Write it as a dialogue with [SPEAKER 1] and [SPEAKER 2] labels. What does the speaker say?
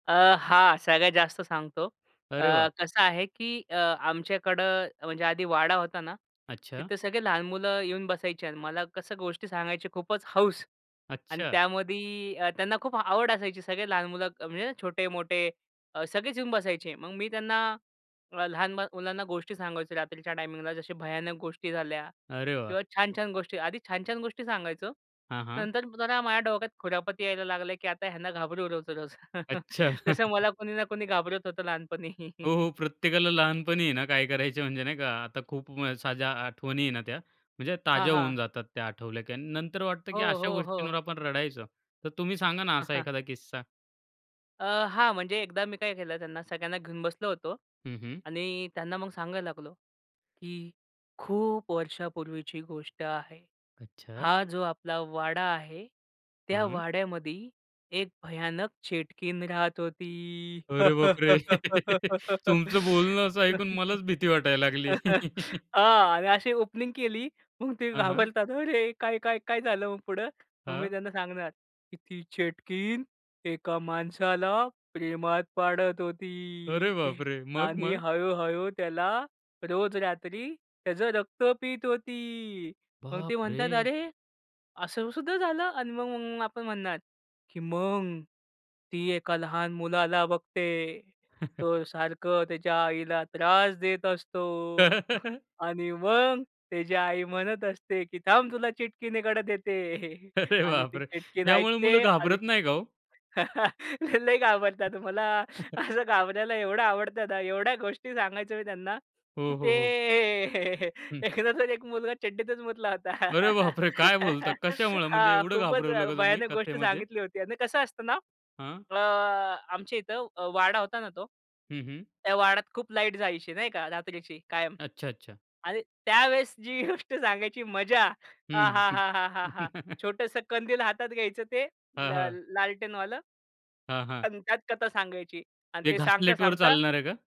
[SPEAKER 1] अ, हां, सगळ्यात जास्त सांगतो अ,
[SPEAKER 2] अरे वाह!
[SPEAKER 1] कसं आहे, की अ, आमच्याकडे म्हणजे आधी वाडा होता ना.
[SPEAKER 2] अच्छा.
[SPEAKER 1] तिथे सगळे लहान मुलं येऊन बसायचे अन् मला कसं गोष्टी सांगायची खूपच हौस आणि
[SPEAKER 2] अच्छा.
[SPEAKER 1] त्यामध्ये त्यांना खूप आवड असायची सगळे लहान मुलं म्हणजे छोटे, मोठे सगळेच येऊन बसायचे. मग मी त्यांना अ, लहान मुलांना गोष्टी सांगायचो रात्रीच्या टायमिंगला जसे भयानक गोष्टी झाल्या.
[SPEAKER 2] अरे वाह!
[SPEAKER 1] किंवा छान-छान गोष्टी. आधी छान-छान गोष्टी सांगायचो.
[SPEAKER 2] हां, हां.
[SPEAKER 1] नंतर जरा माझ्या डोक्यात खुरापती यायला लागल्या, की आता ह्यांना घाबरवू रोज-रोज.
[SPEAKER 2] अच्छा.
[SPEAKER 1] जसं मला कोणी ना कोणी घाबरवत होतं लहानपणी.
[SPEAKER 2] हो, हो. प्रत्येकाला लहानपणी आहे ना, काय करायचे म्हणजे नाही का आता खूप साऱ्या आठवणी आहे ना त्या. म्हणजे
[SPEAKER 1] हां,
[SPEAKER 2] ताज्या होऊन
[SPEAKER 1] हां.
[SPEAKER 2] जातात त्या आठवल्या की अन् नंतर वाटतं, की
[SPEAKER 1] हो,
[SPEAKER 2] अशा
[SPEAKER 1] हो,
[SPEAKER 2] गोष्टींवर
[SPEAKER 1] हो.
[SPEAKER 2] आपण रडायचो. तर तुम्ही सांगा ना, असा एखादा किस्सा.
[SPEAKER 1] अ, हां, म्हणजे एकदा मी काय केलं त्यांना सगळ्यांना घेऊन बसलो होतो
[SPEAKER 2] हं, हं.
[SPEAKER 1] आणि त्यांना मग सांगायला लागलो, की खूप वर्षापूर्वीची गोष्ट आहे.
[SPEAKER 2] अच्छा.
[SPEAKER 1] हा जो आपला वाडा आहे. त्या
[SPEAKER 2] हं.
[SPEAKER 1] वाड्यामध्ये एक भयानक चेटकीन राहत होती.
[SPEAKER 2] अरे बापरे! तुमचं बोलणं असं ऐकून मलाच भीती वाटायला लागली.
[SPEAKER 1] हां. आणि अशी ओपनिंग केली मग ते
[SPEAKER 2] हं, हं.
[SPEAKER 1] घाबरतात अरे काय-काय, काय झालं मग पुढं. मग मी
[SPEAKER 2] हां.
[SPEAKER 1] त्यांना सांगणार, की ती चेटकीण एका माणसाला प्रेमात पाडत
[SPEAKER 2] अरे
[SPEAKER 1] होती
[SPEAKER 2] बापरे! मग,
[SPEAKER 1] आणि
[SPEAKER 2] मग?
[SPEAKER 1] हळू-हळू त्याला रोज रात्री त्याचं रक्त पित होती. मग ते म्हणतात
[SPEAKER 2] बापरे!
[SPEAKER 1] "अरे! असं सुद्धा झालं." अन् मग आपण म्हणणार की "मग ती एका लहान मुलाला बघते, तो सारखं त्याच्या आईला त्रास देत असतो. आणि मग त्याची आई म्हणत असते, की "थांब तुला चिटकीनेकडे देते."
[SPEAKER 2] अरे
[SPEAKER 1] आणि ती
[SPEAKER 2] बापरे!
[SPEAKER 1] चिटकीन
[SPEAKER 2] त्यामुळे मुलं
[SPEAKER 1] ऐकते आणि
[SPEAKER 2] घाबरत नाही का हो?
[SPEAKER 1] ते लय घाबरतात. मला असं घाबरवायला एवढं आवडतं ना. एवढ्या गोष्टी सांगायचो मी त्यांना, की
[SPEAKER 2] हो,
[SPEAKER 1] ते
[SPEAKER 2] हो, हो. हं.
[SPEAKER 1] एकदाच एक मुलगा चड्डीतच मुतला होता,
[SPEAKER 2] अरे बापरे! काय बोलता कशामुळं? म्हणजे
[SPEAKER 1] हा
[SPEAKER 2] एवढं
[SPEAKER 1] खूपच
[SPEAKER 2] घाबरवलं का तुम्ही
[SPEAKER 1] भयानक गोष्ट
[SPEAKER 2] कथेमध्ये?
[SPEAKER 1] सांगितली होती. अन् कसं असतं ना
[SPEAKER 2] हां.
[SPEAKER 1] अ, आमच्या इथं अ, वाडा होता ना तो,
[SPEAKER 2] हं, हं.
[SPEAKER 1] त्या वाड्यात खूप लाईट जायची नाही का रात्रीची कायम
[SPEAKER 2] अच्छा, अच्छा.
[SPEAKER 1] आणि त्यावेळेस जी गोष्ट सांगायची मजा आ हा
[SPEAKER 2] हं.
[SPEAKER 1] हा हा हा! छोटसं कंदील हातात घ्यायचं ते ल
[SPEAKER 2] हां, हां.
[SPEAKER 1] लालटेनवालं.
[SPEAKER 2] हां, हां.
[SPEAKER 1] आणि त्यात कथा सांगायची आणि
[SPEAKER 2] ते
[SPEAKER 1] ते सांगता
[SPEAKER 2] घासलेटवर
[SPEAKER 1] सांगता
[SPEAKER 2] चालणारं का?